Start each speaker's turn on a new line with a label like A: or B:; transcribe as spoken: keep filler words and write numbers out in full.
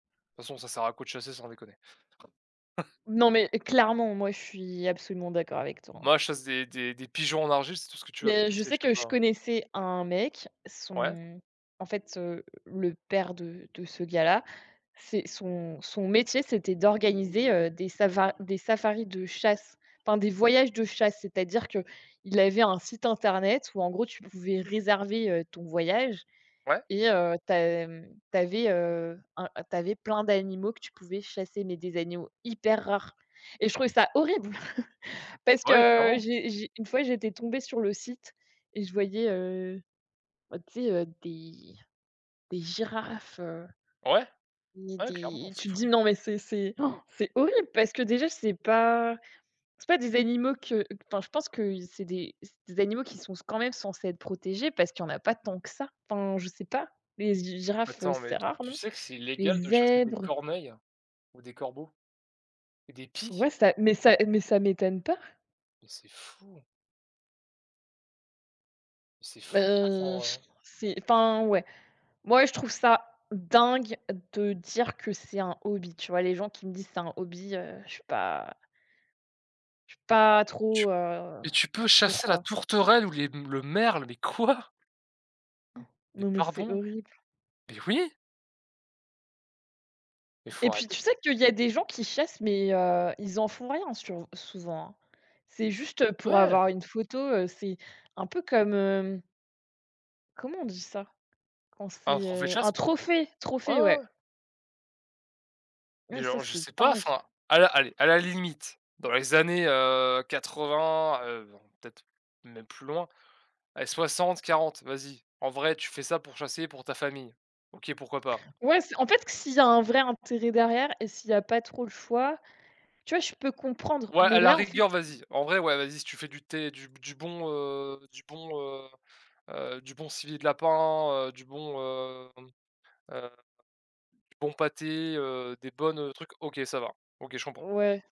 A: De toute façon, ça sert à quoi de chasser sans déconner?
B: Non, mais clairement, moi, je suis absolument d'accord avec toi, hein!
A: Moi, je chasse des des des pigeons en argile, c'est tout ce que tu as va ch
B: Mais je
A: chasser,
B: sais
A: je sais
B: que
A: pas
B: je
A: hein.
B: connaissais un mec,
A: Ouais.
B: son en fait, heu, le père de de ce gars-là, c'est son son métier, c'était d'organiser, heu, des savar des safaris de chasse, enfin, des voyages de chasse. C'est-à-dire qu'il avait un site internet où en gros, tu pouvais réserver, heu, ton voyage
A: Ouais.
B: et heu, tu as mmh, tu avais, heu, un tu avais plein d'animaux que tu pouvais chasser, mais des animaux hyper rares et je trouvais ça horrible! Parce
A: Ouais,
B: que
A: clairement!
B: j'ai j'ai une fois, j'étais tombée sur le site et je voyais, heu, bah tu sais, heu, des des girafes, heu
A: Ouais.
B: ni
A: Ouais clairement,
B: des
A: c'est
B: tu te dis:
A: fou.
B: «Non, mais c'est c'est c'est horrible» parce que déjà, c'est pas c'est pas des animaux que enfin, je pense que y c'est des c'est des animaux qui sont s quand même censés être protégés, parce qu'il y en a pas tant que ça. Enfin, je sais pas. Les g girafes,
A: Attends
B: c'est
A: mais tu
B: rare
A: tu
B: non?
A: sais que c'est
B: Les
A: illégal de chasser des
B: zèbres?
A: corneilles ou des corbeaux et des pies?
B: Ouais, ça mais ça mais ça m'étonne pas!
A: Mais c'est fou! C'est fou de faire ça en
B: Beh,
A: vrai
B: je
A: hein?
B: c'est enfin, ouais. Moi, je trouve ça dingue de dire que c'est un hobby. Tu vois, les gens qui me disent: «C'est un hobby», heu, je suis pas je suis
A: Mais tu
B: pas
A: peux tu
B: trop, heu,
A: et tu peux
B: pour
A: chasser la
B: quoi.
A: tourterelle ou les m le merle mais quoi? Mais
B: Non, mais c'est
A: pardon?
B: horrible.
A: Mais oui! Mais
B: Et
A: faut
B: puis,
A: arrêter
B: tu
A: tout
B: sais
A: ç
B: qu'il y a des gens qui chassent, mais, heu, ils en font rien sur souvent, hein? C'est juste pour
A: Ouais.
B: avoir une photo, heu, c'est un peu comme hem comment on dit ça? Quand
A: Bah un
B: c'est,
A: trophée de
B: heu
A: chasse
B: un
A: quoi.
B: trophée!
A: Ouais, ouais,
B: Trophée, ouais!
A: ouais. Mais
B: Ouais ça,
A: genre, je
B: c'est
A: sais pas,
B: dingue!
A: enfin, à la allez, à la limite, dans les années, heu, quatre-vingts heu, bon, peut-être même plus loin, allez soixante-quarante, vas-y. En vrai, tu fais ça pour chasser pour ta famille. OK, pourquoi pas.
B: Ouais, c'est en fait, q s'il y a un vrai intérêt derrière et s'il y a pas trop le choix, tu vois, je peux comprendre,
A: Ouais,
B: mais
A: à la
B: là en fait
A: rigueur,
B: i
A: vas-y. En vrai, ouais, vas-y, si tu fais du thé, du b du bon, heu, du bon heu, heu, du bon civet de lapin, heu, du bon, hem, heu, du bon pâté, heu, des bonnes, heu, trucs. OK, ça va. OK, je comprends.
B: Ouais.